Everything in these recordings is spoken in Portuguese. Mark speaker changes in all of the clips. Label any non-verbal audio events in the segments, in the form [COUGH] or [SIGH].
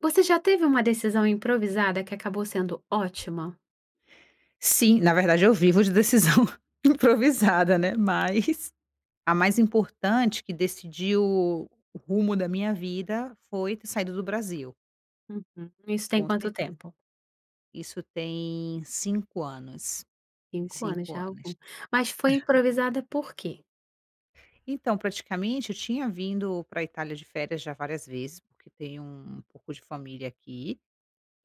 Speaker 1: Você já teve uma decisão improvisada que acabou sendo ótima?
Speaker 2: Sim, na verdade, eu vivo de decisão improvisada, né, mas a mais importante, que decidiu o o rumo da minha vida foi ter saído do Brasil.
Speaker 1: Uhum. E isso tem
Speaker 2: Com
Speaker 1: quanto
Speaker 2: certeza.
Speaker 1: tempo?
Speaker 2: Isso tem 5 anos.
Speaker 1: 5 anos.
Speaker 2: 5
Speaker 1: Já é algum
Speaker 2: anos.
Speaker 1: mas foi
Speaker 2: [LAUGHS]
Speaker 1: improvisada por quê?
Speaker 2: Então praticamente eu tinha vindo pra Itália de férias já várias vezes, porque tenho um pouco de família aqui.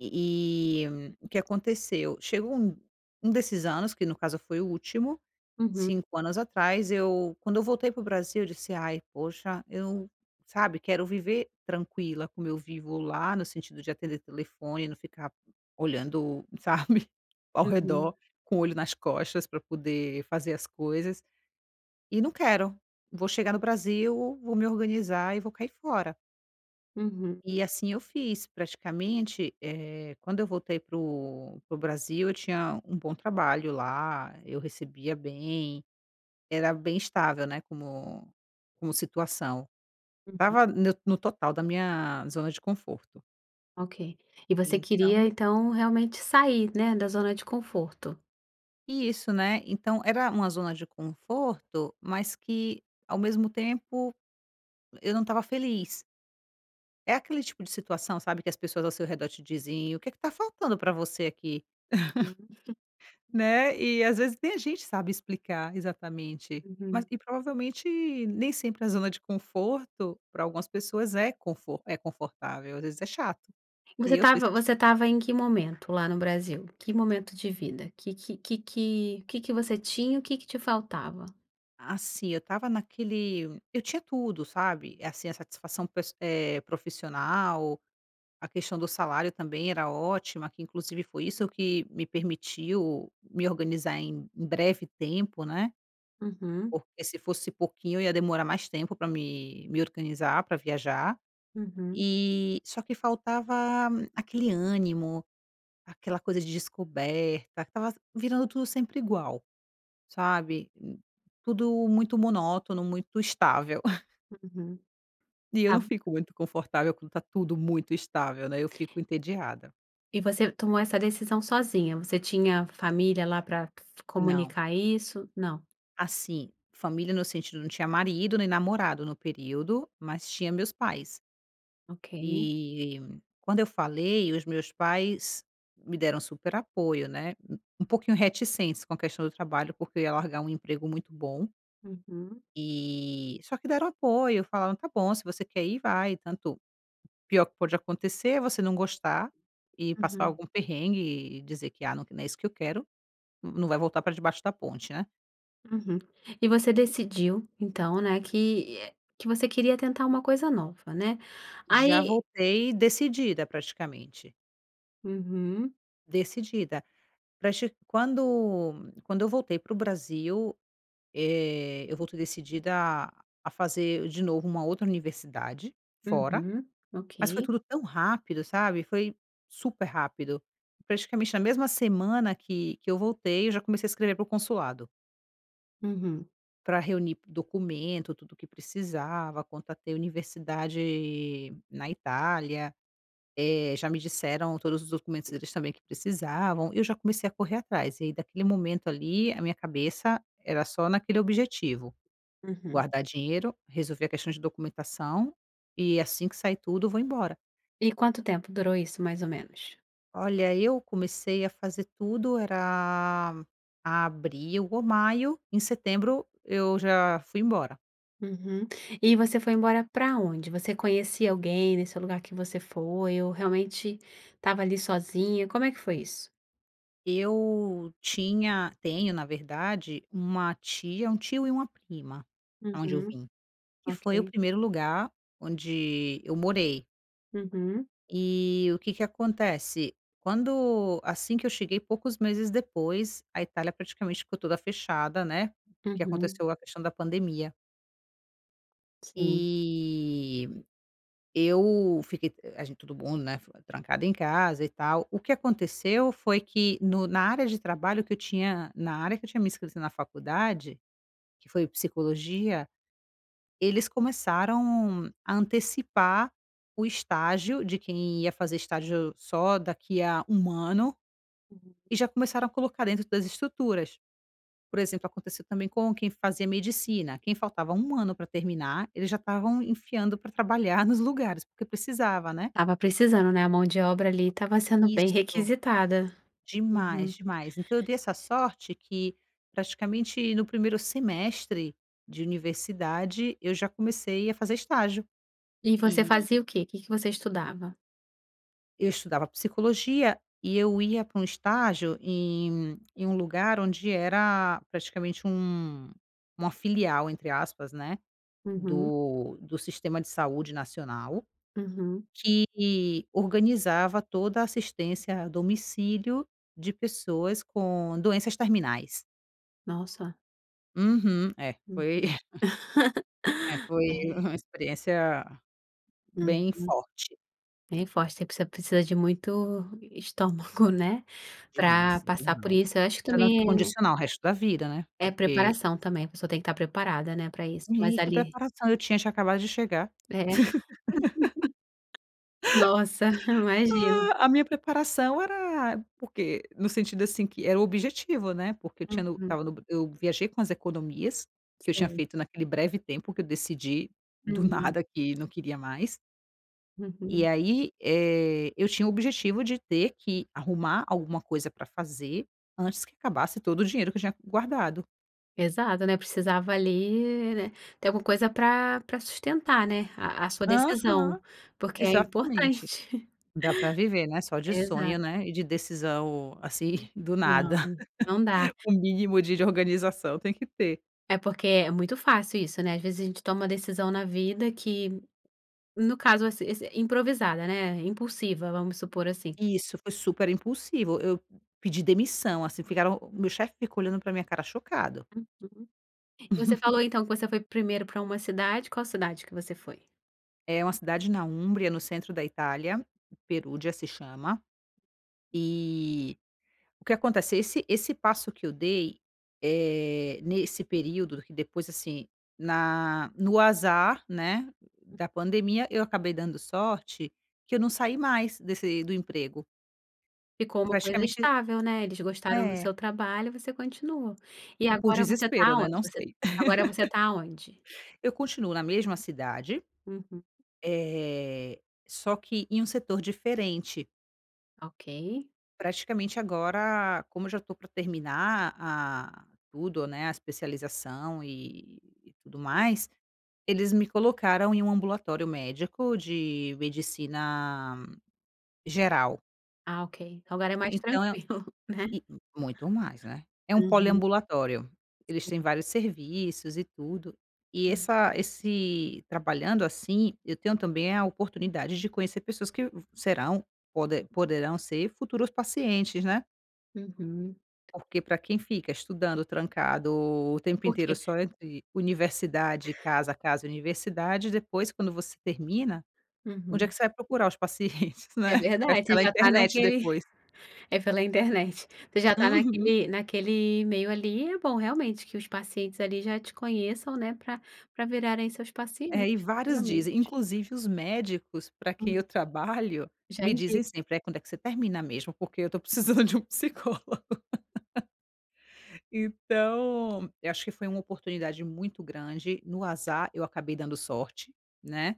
Speaker 2: E e o que aconteceu? Chegou um um desses anos, que no caso foi o último,
Speaker 1: Uhum.
Speaker 2: 5 anos atrás eu quando eu voltei para o Brasil, eu disse: "Ai, poxa, eu sabe, quero viver tranquila, como eu vivo lá, no sentido de atender telefone e não ficar olhando, sabe, ao
Speaker 1: Uhum.
Speaker 2: redor, com o olho nas costas pra poder fazer as coisas. E não quero. Vou chegar no Brasil, vou me organizar e vou cair fora."
Speaker 1: Uhum.
Speaker 2: E assim eu fiz. Praticamente, eh, quando eu voltei para o para o Brasil, eu tinha um bom trabalho lá; eu recebia bem. Era bem estável, né, como como situação.
Speaker 1: Uhum.
Speaker 2: Estava neu no total da minha zona de conforto.
Speaker 1: OK. E você queria
Speaker 2: Então
Speaker 1: então, realmente sair, né, da zona de conforto.
Speaker 2: Isso, né. Então era uma zona de conforto mas que, ao mesmo tempo e eu não estava feliz. É aquele tipo de situação, sabe, que as pessoas ao seu redor te dizem: "E o que que tá faltando pra você aqui?" [LAUGHS]
Speaker 1: Uhum. [CHUCKLES]
Speaker 2: Né. E, às vezes nem a gente sabe explicar, exatamente. Mas
Speaker 1: Uhum.
Speaker 2: e provavelmente nem sempre a zona de conforto pra algumas pessoas é confor é confortável. Às vezes é chato.
Speaker 1: Você
Speaker 2: E eu sou
Speaker 1: estava
Speaker 2: esse tipo.
Speaker 1: você estava em que momento lá no Brasil? Que momento de vida? Que que que que que que você tinha? O que que te faltava?
Speaker 2: Assim, eu estava naquele eu tinha tudo, sabe. Assim, a satisfação pes eh, profissional. A questão do salário também era ótima, que inclusive foi isso que me permitiu me organizar em em breve tempo, né.
Speaker 1: Uhum.
Speaker 2: Porque se fosse pouquinho, eu ia demorar mais tempo pra me me organizar pra viajar,
Speaker 1: Uhum.
Speaker 2: eh só que faltava aquele ânimo, aquela coisa de descoberta. Estava virando tudo sempre igual. Sabe. Tudo muito monótono, muito estável. [LAUGHS]
Speaker 1: Uhum.
Speaker 2: E eu não
Speaker 1: Ah.
Speaker 2: fico muito confortável quando tá tudo muito estável, né. Eu fico entediada.
Speaker 1: E você tomou essa decisão sozinha. Você tinha família lá pra
Speaker 2: Não.
Speaker 1: comunicar isso? Não.
Speaker 2: Assim. Família no sentido não tinha marido nem namorado no período, mas tinha meus pais.
Speaker 1: OK.
Speaker 2: E quando eu falei, os meus pais me deram super apoio, né. U um pouquinho reticentes com a questão do trabalho porque eu ia largar um emprego muito bom.
Speaker 1: Uhum.
Speaker 2: E só que deram apoio; falaram: "Tá bom. Se você quer ir, vai. Tanto pior que pode acontecer é você não gostar e passar
Speaker 1: Uhum.
Speaker 2: algum perrengue e dizer que: "Ah, não que não é isso que eu quero," Não vai voltar pra debaixo da ponte, né."
Speaker 1: Uhum. E você decidiu, então, né, que que você queria tentar uma coisa nova, né.
Speaker 2: Já
Speaker 1: Aí
Speaker 2: voltei decidida, praticamente.
Speaker 1: Uhum.
Speaker 2: Decidida, pra che quando quando eu voltei pro Brasil, eh, eu voltei decidida a a fazer de novo uma outra universidade fora,
Speaker 1: Uhum.
Speaker 2: mas foi
Speaker 1: Ok.
Speaker 2: tudo tão rápido, sabe. Foi super rápido. Praticamente na mesma semana que que eu voltei eu já comecei a escrever pro consulado
Speaker 1: Uhum.
Speaker 2: pra reunir p documento, tudo o que precisava quanto a ter universidade na Itália, eh, já me disseram todos os documentos deles também que precisavam, eu já comecei a correr atrás, e aí daquele momento ali a minha cabeça era só naquele objetivo,
Speaker 1: Uhum.
Speaker 2: guardar dinheiro, resolver a questão de documentação, e assim que sair tudo, eu vou embora.
Speaker 1: E quanto tempo durou isso, mais ou menos?
Speaker 2: Olha eu comecei a fazer tudo era abril ou maio. Em setembro eu já fui embora.
Speaker 1: Uhum. E você foi embora pra onde? Você conhecia alguém nesse lugar que você foi? Ou realmente estava ali sozinha? Como é que foi isso?
Speaker 2: Eu tinha tenho na verdade, uma tia um tio e uma prima aonde eu
Speaker 1: Uhum.
Speaker 2: vim, que foi o
Speaker 1: Ok.
Speaker 2: primeiro lugar onde eu morei.
Speaker 1: Uhum.
Speaker 2: E o que que acontece, quando assim que eu cheguei, poucos meses depois a Itália praticamente ficou toda fechada, né, que
Speaker 1: Uhum.
Speaker 2: aconteceu a questão da pandemia.
Speaker 1: Sim.
Speaker 2: Eh, eu fiquei a gente todo mundo, né, ficou trancado em casa e tal o que aconteceu foi que no na área de trabalho que eu tinha na área que eu tinha me inscrito na faculdade que foi psicologia, eles começaram a antecipar o estágio de quem ia fazer estágio só daqui a 1 ano,
Speaker 1: Uhum.
Speaker 2: e já começaram a colocar dentro das estruturas. Por exemplo, aconteceu também com quem fazia medicina. Quem faltava ano pra terminar ele já estavam enfiando pra trabalhar nos lugares, porque precisava, né?
Speaker 1: Estava precisando, né, a mão de obra ali estava sendo bem
Speaker 2: Isso.
Speaker 1: requisitada
Speaker 2: Demais,
Speaker 1: uhum.
Speaker 2: demais então eu dei essa sorte que praticamente no primeiro semestre de universidade eu já comecei a fazer estágio.
Speaker 1: E você
Speaker 2: Eh
Speaker 1: fazia o quê? Que que você estudava?
Speaker 2: eu estudava psicologia, e eu ia pra um estágio em um em um lugar onde era praticamente um uma filial, entre aspas, né,
Speaker 1: Uhum.
Speaker 2: do do sistema de saúde nacional,
Speaker 1: Uhum.
Speaker 2: que organizava toda a assistência a domicílio de pessoas com doenças terminais.
Speaker 1: Nossa.
Speaker 2: Uhum é
Speaker 1: Uhum.
Speaker 2: foi
Speaker 1: [LAUGHS]
Speaker 2: [CHUCKLES] é, foi
Speaker 1: É.
Speaker 2: uma experiência bem
Speaker 1: Uhum,
Speaker 2: forte.
Speaker 1: bem forte, você precisa precisa de muito estômago, né, pra
Speaker 2: Demais,
Speaker 1: passar por
Speaker 2: demais
Speaker 1: isso eu acho que
Speaker 2: tá na
Speaker 1: também
Speaker 2: condicional o resto da vida né,
Speaker 1: é
Speaker 2: porque
Speaker 1: preparação também, a pessoa tem que estar preparada, né, pra isso mas
Speaker 2: Menina que
Speaker 1: ali
Speaker 2: preparação eu tinha? Tinha acabado de chegar.
Speaker 1: É nossa, [CHUCKLES] imagino.
Speaker 2: [LAUGHS] A minha preparação era porque no sentido assim que era o objetivo né porque eu tinha eu
Speaker 1: Uhum.
Speaker 2: estava no eu viajei com as economias que eu tinha
Speaker 1: Sim.
Speaker 2: feito naquele breve tempo que eu decidi do
Speaker 1: Uhum.
Speaker 2: nada que não queria mais e
Speaker 1: Uhum.
Speaker 2: aí, eh, eu tinha o objetivo de ter que arrumar alguma coisa pra fazer antes que acabasse todo o dinheiro que eu tinha guardado.
Speaker 1: Exato, né, precisava ali, né. Ter alguma coisa pra pra sustentar, né, a a sua decisão,
Speaker 2: Aham,
Speaker 1: porque é
Speaker 2: exatamente
Speaker 1: importante.
Speaker 2: dá pra viver né só de
Speaker 1: [CHUCKLES] Exato.
Speaker 2: sonho né e de decisão assim
Speaker 1: Uhum
Speaker 2: do nada,
Speaker 1: não, não dá.
Speaker 2: [CHUCKLES] o mínimo de organização tem que ter.
Speaker 1: É porque é muito fácil isso né, ás vezes a gente toma uma decisão na vida que, no caso ess ess improvisada né, impulsiva vamos supor assim.
Speaker 2: Isso foi super impulsivo, eu pedi demissão, assim, ficaram o meu chefe fica olhando pra minha cara chocado.
Speaker 1: Uhum, você
Speaker 2: [CHUCKLES]
Speaker 1: falou então que você foi primeiro pra uma cidade, qual cidade que você foi?
Speaker 2: É uma cidade na Umbria, no centro da Itália, Perugia se chama, e o que acontece esse esse passo que eu dei, eh, nesse período que depois, assim, na no azar né,
Speaker 1: Hum.
Speaker 2: da pandemia eu acabei dando sorte, que eu não saí mais desse do emprego.
Speaker 1: Ficou uma coisa
Speaker 2: Praticamente
Speaker 1: estável, né, eles gostaram do
Speaker 2: é.
Speaker 1: seu trabalho você continua, e
Speaker 2: Ou por
Speaker 1: agora você tá
Speaker 2: desespero né
Speaker 1: aonde
Speaker 2: não
Speaker 1: você
Speaker 2: sei.
Speaker 1: agora você
Speaker 2: [LAUGHS]
Speaker 1: tá aonde?
Speaker 2: E eu continuo na mesma cidade.
Speaker 1: Uhum.
Speaker 2: Eh, só que em um setor diferente.
Speaker 1: Ok.
Speaker 2: Praticamente agora, como eu já tô pra terminar a tudo, né, a especialização e e tudo mais, eles me colocaram em um ambulatório médico, de medicina geral.
Speaker 1: Ah ok. Agora é mais [CHUCKLES]
Speaker 2: Então é um
Speaker 1: tranquilo, né.
Speaker 2: e u muito mais, né. É um
Speaker 1: Uhum.
Speaker 2: poliambulatório. Eles têm vários serviços, e tudo. E essa esse trabalhando assim, eu tenho também a oportunidade de conhecer pessoas que vã serão pode poderão ser futuros pacientes, né.
Speaker 1: Uhum.
Speaker 2: Porque pra quem fica estudando trancado, o tempo inteiro
Speaker 1: Porque
Speaker 2: só entre universidade casa, casa universidade, depois, quando você termina, onde é
Speaker 1: Uhum.
Speaker 2: que você vai procurar os pacientes,
Speaker 1: É
Speaker 2: né. Vai fica
Speaker 1: verdade,
Speaker 2: na
Speaker 1: já está
Speaker 2: internet
Speaker 1: naquele
Speaker 2: depois.
Speaker 1: é pela internet. Você já tá
Speaker 2: Uhum.
Speaker 1: naquele naquele meio ali, é bom realmente que os pacientes ali já te conheçam, né, pra pra virarem seus pacientes
Speaker 2: É, e vários dizem.
Speaker 1: futuramente.
Speaker 2: Inclusive os médicos pra quem eu trabalho,
Speaker 1: Já
Speaker 2: me
Speaker 1: indica.
Speaker 2: dizem sempre: "É, quando é que você termina mesmo? Porque eu tô precisando de um psicólogo." Então, eu acho que foi uma oportunidade muito grande. No azar, eu acabei dando sorte, né.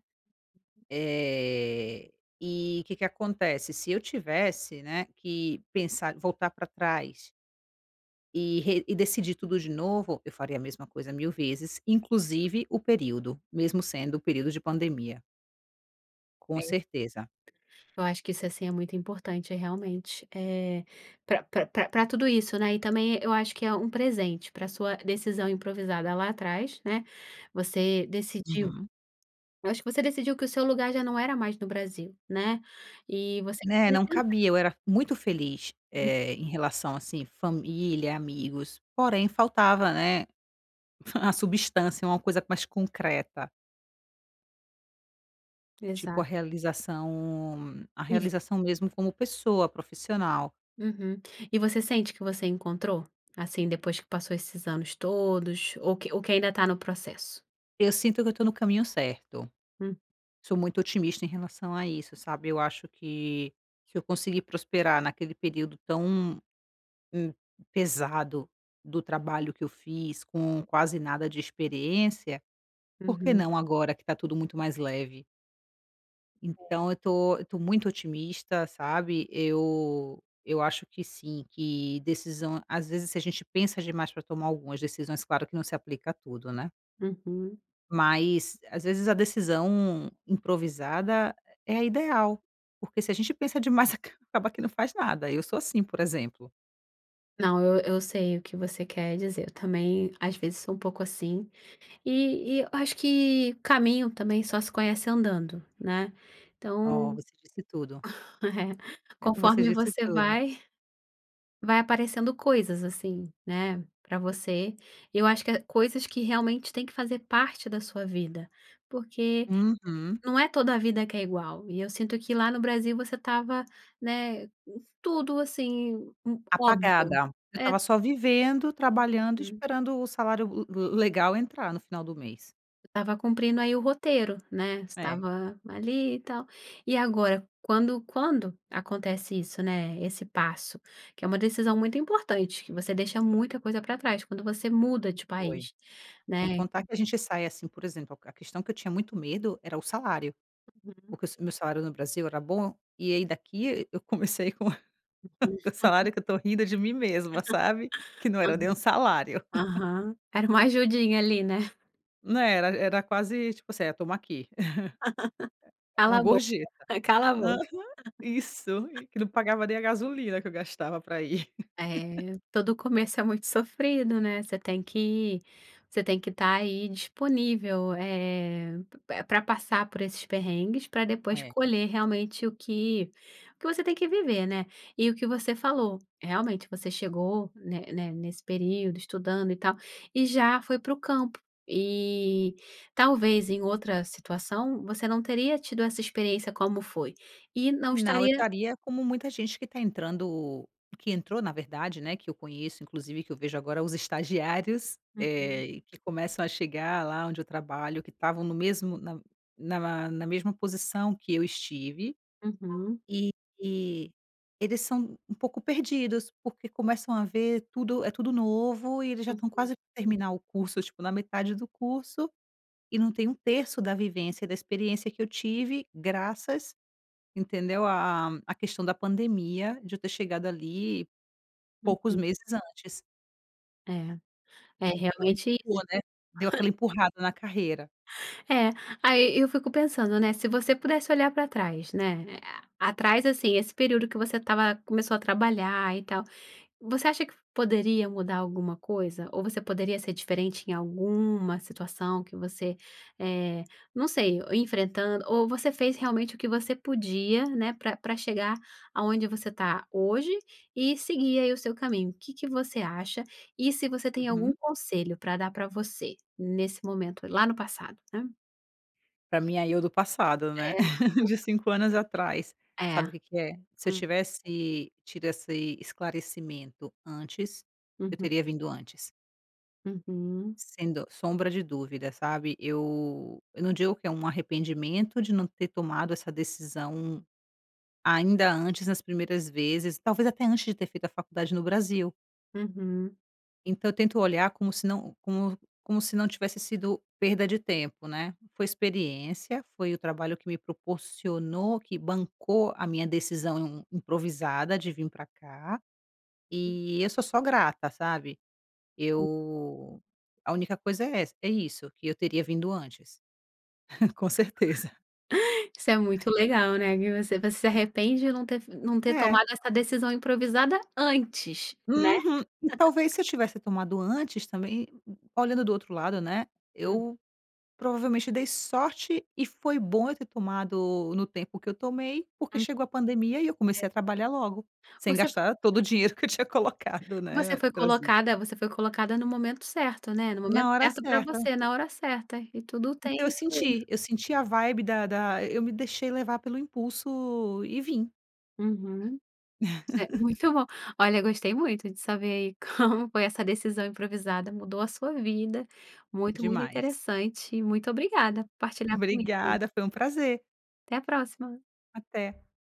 Speaker 2: Eh, e o que que acontece, se eu tivesse, né, que pensar voltar pra trás e re e decidir tudo de novo, eu faria a mesma coisa 1000 vezes, inclusive o período, mesmo sendo o período de pandemia. Com
Speaker 1: É.
Speaker 2: certeza.
Speaker 1: Eu acho que isso assim é muito importante realmente. Eh, pra pra pra tudo isso, né. E também eu acho que é um presente pra sua decisão improvisada lá atrás, né. Você decidiu,
Speaker 2: Uhum.
Speaker 1: eu acho que você decidiu que o seu lugar já não era mais no Brasil, né. E você
Speaker 2: Né,
Speaker 1: queria
Speaker 2: não
Speaker 1: tentar.
Speaker 2: cabia eu era muito feliz,
Speaker 1: Hum.
Speaker 2: eh, em relação assim família, amigos, porém faltava, né, fa a substância, uma coisa mais concreta. Tipo a
Speaker 1: Exato.
Speaker 2: realização a
Speaker 1: E vo
Speaker 2: realização mesmo como pessoa profissional.
Speaker 1: uhum. E você sente que você encontrou? Assim, depois que passou esses anos todos? Ou que ou que ainda tá no processo?
Speaker 2: Eu sinto que eu tô no caminho certo.
Speaker 1: Hum.
Speaker 2: Sou muito otimista em relação a isso sabe eu acho que, se eu consegui prosperar naquele período tão, hum, pesado do trabalho que eu fiz com quase nada de experiência, por que
Speaker 1: Uhum.
Speaker 2: não agora que está tudo muito mais leve?
Speaker 1: É.
Speaker 2: Então eu tô eu tô muito otimista, sabe? Eu eu acho que sim, que decisão, às vezes, se a gente pensa demais para tomar algumas decisões, claro que não se aplica a tudo, né.
Speaker 1: Uhum.
Speaker 2: Mas às vezes a decisão improvisada, eh é a ideal. Porque se a gente pensa demais acaba que não faz nada. Eu sou assim, por exemplo.
Speaker 1: Não, eu eu sei o que você quer dizer, eu também às vezes sou um pouco assim. E e eu acho que o caminho também só se conhece andando, né.
Speaker 2: Oh,
Speaker 1: Então
Speaker 2: você disse tudo.
Speaker 1: [LAUGHS] É.
Speaker 2: É Você
Speaker 1: Conforme
Speaker 2: disse
Speaker 1: você
Speaker 2: tudo.
Speaker 1: vai, vai aparecendo coisas, assim, né, pra você. E eu acho que há coisas que realmente têm que fazer parte da sua vida, porque
Speaker 2: Uhum.
Speaker 1: não é toda vida que é igual e eu sinto que lá no Brasil você estava, né, hum, tudo assim, hum, óbvio.
Speaker 2: Apagada. Eu
Speaker 1: É.
Speaker 2: estava só vivendo, trabalhando e
Speaker 1: Uhum.
Speaker 2: esperando o salário le le legal entrar no final do mês.
Speaker 1: Tava cumprindo aí o roteiro, né?
Speaker 2: É.
Speaker 1: Estava ali e tal. E agora, quando quando acontece isso né, esse passo, que é uma decisão muito importante, que você deixa muita coisa para trás quando você muda de
Speaker 2: Foi.
Speaker 1: país,
Speaker 2: Sem
Speaker 1: né?
Speaker 2: contar que a gente sai assim, por exemplo, a questão que eu tinha muito medo era o salário.
Speaker 1: Uhum.
Speaker 2: Porque se o meu salário no Brasil era bom, e aí daqui eu comecei com [LAUGHS] com um
Speaker 1: [UNINTELLIGIBLE]
Speaker 2: salário que eu estou rindo de mim mesma, sabe? Que não era nem um
Speaker 1: [LAUGHS] Aham.
Speaker 2: salário. [LAUGHS]
Speaker 1: Aham. Era uma ajudinha ali, né? [GIGGLES]
Speaker 2: Né, era era quase tipo assim, eh, "toma aqui".
Speaker 1: [LAUGHS]
Speaker 2: [CHUCKLES] É é
Speaker 1: Cala
Speaker 2: uma
Speaker 1: a boca.
Speaker 2: gorjeta.
Speaker 1: Cala a
Speaker 2: Aham.
Speaker 1: boca.
Speaker 2: Isso, e que não pagava nem a gasolina que eu gastava pra ir. [LAUGHS]
Speaker 1: É, todo começo é muito sofrido, né. Você tem que você tem que estar aí, disponível, eh, pr pra passar por esses perrengues, pra depois
Speaker 2: É.
Speaker 1: colher, realmente, o que o que você tem que viver, né. E o que você falou, realmente, você chegou, né né, nesse período, estudando e tal, e já foi para o campo. E, talvez em outra situação, você não teria tido essa experiência como foi, e não
Speaker 2: Não, eu
Speaker 1: estaria
Speaker 2: estaria como muita gente que está entrando que entrou, na verdade, né, que eu conheço, inclusive que eu vejo agora os estagiários,
Speaker 1: Uhum.
Speaker 2: eh, e que começam a chegar, lá onde eu trabalho, que estavam no mesmo na na ma na mesma posição que eu estive.
Speaker 1: Uhum.
Speaker 2: E, eles são um pouco perdidos, porque começam a ver tudo é tudo novo, e eles já estão
Speaker 1: Uhum.
Speaker 2: quase terminar o curso, tipo, na metade do curso, e não tem 1/3 da vivência e da experiência que eu tive, graças entendeu, a a a questão da pandemia, de eu ter chegado ali, poucos
Speaker 1: Uhum.
Speaker 2: meses antes.
Speaker 1: É. É,
Speaker 2: Então
Speaker 1: realmente
Speaker 2: empurrou,
Speaker 1: isso e
Speaker 2: né. Deu aquela empurrada na carreira.
Speaker 1: É. Aí eu fico pensando, né, se você pudesse olhar pra trás, né, a atrás assim, esse período que você estava começou a trabalhar, e tal. Você acha que poderia mudar alguma coisa? Ou você poderia ser diferente em alguma situação que você, eh, não sei, o enfrentando ou você fez realmente o que você podia, né, pra pra chegar aonde você está hoje, e seguir, aí, o seu caminho. Que que você acha, e se você tem algum
Speaker 2: Uhum.
Speaker 1: conselho pra dar pra você, nesse momento lá no passado, né.
Speaker 2: Pra minha "eu do passado", né,
Speaker 1: É.
Speaker 2: [LAUGHS] de 5 anos atrás.
Speaker 1: É.
Speaker 2: Sabe o que que é? Se eu
Speaker 1: Hum.
Speaker 2: tivesse tido esse esclarecimento antes, eu
Speaker 1: Uhum.
Speaker 2: teria vindo antes.
Speaker 1: Uhum.
Speaker 2: Sem do sombra de dúvida, sabe? Eu eu não digo que é arrependimento de não ter tomado essa decisão ainda antes nas primeiras vezes. Talvez até antes de ter feito a faculdade no Brasil.
Speaker 1: Uhum.
Speaker 2: Então tento olhar como se não como como se não tivesse sido perda de tempo, né. Foi experiência, foi o trabalho que me proporcionou, que bancou a minha decisão improvisada de vim pra cá, e eu sou só grata, sabe? Eu a única coisa é essa é isso: que eu teria vindo antes. Com certeza.
Speaker 1: [INHALES] Isso é muito legal, né, que você você se arrepende de não ter não ter
Speaker 2: É.
Speaker 1: tomado essa decisão improvisada antes, né?
Speaker 2: Uhum. E
Speaker 1: [CHUCKLES]
Speaker 2: talvez se eu tivesse tomado antes também olhando do outro lado, né,
Speaker 1: Hum.
Speaker 2: eu provavelmente dei sorte. E foi bom eu ter tomado no tempo que eu tomei, porque
Speaker 1: Hum.
Speaker 2: chegou a pandemia e eu
Speaker 1: É.
Speaker 2: comecei a trabalhar logo, sem
Speaker 1: Você fo
Speaker 2: gastar todo o dinheiro que eu tinha colocado,
Speaker 1: Você
Speaker 2: né,
Speaker 1: foi
Speaker 2: trazido.
Speaker 1: colocada você foi colocada no momento certo, né? No momento
Speaker 2: Na hora
Speaker 1: certo pra
Speaker 2: certa.
Speaker 1: você, na hora certa e tudo tem
Speaker 2: Então eu
Speaker 1: fluido.
Speaker 2: senti. Eu senti a vibe da da eu me deixei levar pelo impulso e vim.
Speaker 1: Uhum. Cer
Speaker 2: [LAUGHS]
Speaker 1: muito bom. Olha, gostei muito de saber, aí, como foi essa decisão improvisada mudou a sua vida. Muito muito
Speaker 2: Demais.
Speaker 1: interessante e muito obrigada por partilhar comigo.
Speaker 2: Obrigada. Foi um prazer.
Speaker 1: Até a próxima.
Speaker 2: Até.